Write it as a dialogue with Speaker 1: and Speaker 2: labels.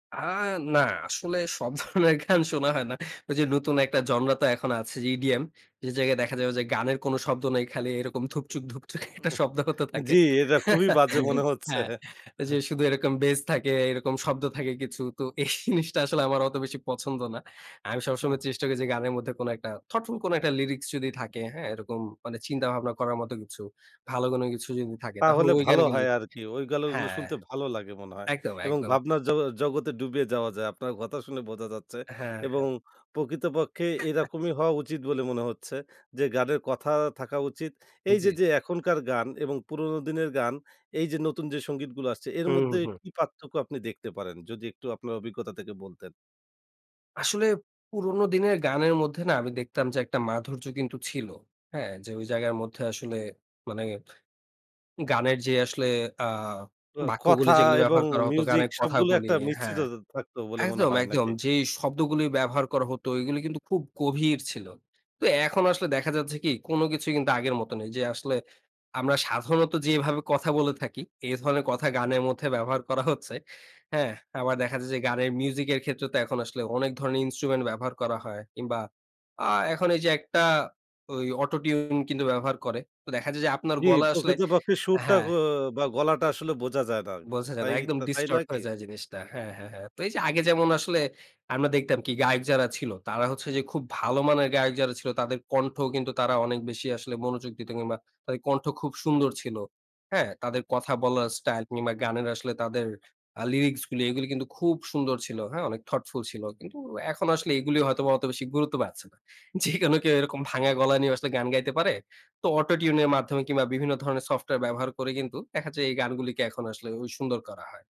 Speaker 1: আ না, আসলে সব ধরনের গান শোনা হয় না। ওইযে নতুন একটা জনরা তো এখন আছে যে ইডিএম যে জায়গায় দেখা যাবে যে, গানের কোন শব্দ নাই, খালি এরকম ধুপচু্‌ক,
Speaker 2: হু
Speaker 1: ধুপচুক একটা
Speaker 2: উ উহ
Speaker 1: শব্দ হতে থাকে।
Speaker 2: জি, এটা খুবই বাজে মনে হচ্ছে।
Speaker 1: হ্যাঁ, ওইযে
Speaker 2: হা
Speaker 1: শুধু এরকম bass থাকে, এরকম শব্দ থাকে কিছু। তো এই জিনিসটা আসলে আমার অত বেশি পছন্দ না। আমি সবসময়
Speaker 2: আহ
Speaker 1: চেষ্টা করি যে, গানের মধ্যে কোন একটা thoughtful কোন একটা lyrics যদি থাকে, হ্যাঁ এরকম মানে চিন্তা-ভাবনা করার মতো কিছু, ভালো কোনো কিছু যদি থাকে, তাহলে
Speaker 2: তাহলে
Speaker 1: ঐ
Speaker 2: ভালো
Speaker 1: গানগুলো
Speaker 2: হয় আরকি। ওইগুলো
Speaker 1: হ্যাঁ।
Speaker 2: শুনতে ভালো লাগে মনে হয়
Speaker 1: একদম,
Speaker 2: এবং
Speaker 1: একদম।
Speaker 2: ভাবনার জগ জগতে ডুবে যাওয়া যায় আপনার কথা শুনে বোঝা যাচ্ছে
Speaker 1: হ্যাঁ,
Speaker 2: এবং
Speaker 1: হ্যাঁ।
Speaker 2: প্রকৃতপক্ষে
Speaker 1: হ্যাঁ।
Speaker 2: এরকমই হওয়া উচিত বলে মনে হচ্ছে যে গানের কথা থাকা উচিত। এইযে
Speaker 1: জি।
Speaker 2: যে, এখনকার গান এবং পুরনো দিনের গান এইযে নতুন যে সংগীতগুলো আসছে, এর
Speaker 1: হু, হু,
Speaker 2: মধ্যে
Speaker 1: হু।
Speaker 2: কি পার্থক্য আপনি দেখতে পারেন? যদি একটু আপনার অভিজ্ঞতা থেকে বলতেন।
Speaker 1: আসলে পুরনো দিনের গানের মধ্যে না, আমি দেখতাম যে, একটা মাধুর্য কিন্তু ছিল। হ্যাঁ, যে ওই জায়গার মধ্যে আসলে মানে গানের যে আসলে আ
Speaker 2: অ কথা
Speaker 1: বাক্যগুলি যেগুলো
Speaker 2: এবং
Speaker 1: ব্যবহার করা হতো,
Speaker 2: মিউজিক
Speaker 1: গানের
Speaker 2: সবগুলো
Speaker 1: কথাগুলি,
Speaker 2: একটা
Speaker 1: আ
Speaker 2: মিশ্রিত
Speaker 1: হ্যাঁ।
Speaker 2: ত থাকতো বলে মনে
Speaker 1: একদম,
Speaker 2: হয়,
Speaker 1: একদম।
Speaker 2: নাকি?
Speaker 1: যে শব্দগুলো ব্যবহার করা হতো, এগুলো কিন্তু খুব গভীর ছিল। তো এখন আসলে দেখা যাচ্ছে কি? কোন কিছুই কিন্তু আগের মত নেই। যে আসলে আমরা সাধারণত যেভাবে কথা বলে থাকি, এ ধরনের কথা গানের মধ্যে ব্যবহার করা হচ্ছে। হ্যাঁ, আবার দেখা যায় যে গানের মিউজিকের ক্ষেত্রে তো এখন আসলে অনেক ধরনের instrument ব্যবহার করা হয়। কিংবা আ এখন এইযে একটা ওই auto tune কিন্তু ব্যবহার করে। তো দেখা যায় যে আপনার
Speaker 2: জি,
Speaker 1: গলা আসলে
Speaker 2: প্রকৃতপক্ষে সুরটা ক
Speaker 1: হ্যাঁ।
Speaker 2: বা, গলাটা আসলে বোঝা যায় না। উ
Speaker 1: বোঝা যায় না।
Speaker 2: তাই
Speaker 1: একদম
Speaker 2: তাই
Speaker 1: distort
Speaker 2: নয় কি?
Speaker 1: হয়ে যায় জিনিসটা। হ্যাঁ, হ্যাঁ, হ্যাঁ। তো এইযে আগে যেমন আসলে আমরা দেখতাম কি? গায়ক যারা ছিল, তারা হচ্ছে যে খুব ভালো মানের গায়ক যারা ছিল, তাদের কণ্ঠও কিন্তু তারা অনেক বেশি আসলে মনোযোগ দিত কিংবা তাদের কণ্ঠ খুব সুন্দর ছিল। হ্যাঁ, তাদের কথা বলার স্টাইল কিংবা গানের আসলে তাদের আ lyrics গুলি, এগুলো কিন্তু খুব সুন্দর ছিল। হ্যাঁ, অনেক thoughtful ছিল। কিন্তু এখন আসলে এগুলো হয়তোবা অত বেশি গুরুত্ব পাচ্ছে না। যেকোনো কেউ এরকম ভাঙা গলা নিয়ে আসলে গান গাইতে পারে। তো auto tune এর মাধ্যমে কিংবা বিভিন্ন ধরনের সফটওয়্যার ব্যবহার করে কিন্তু দেখা যায় এই গানগুলিকে এখন আসলে ওই সুন্দর করা হয়।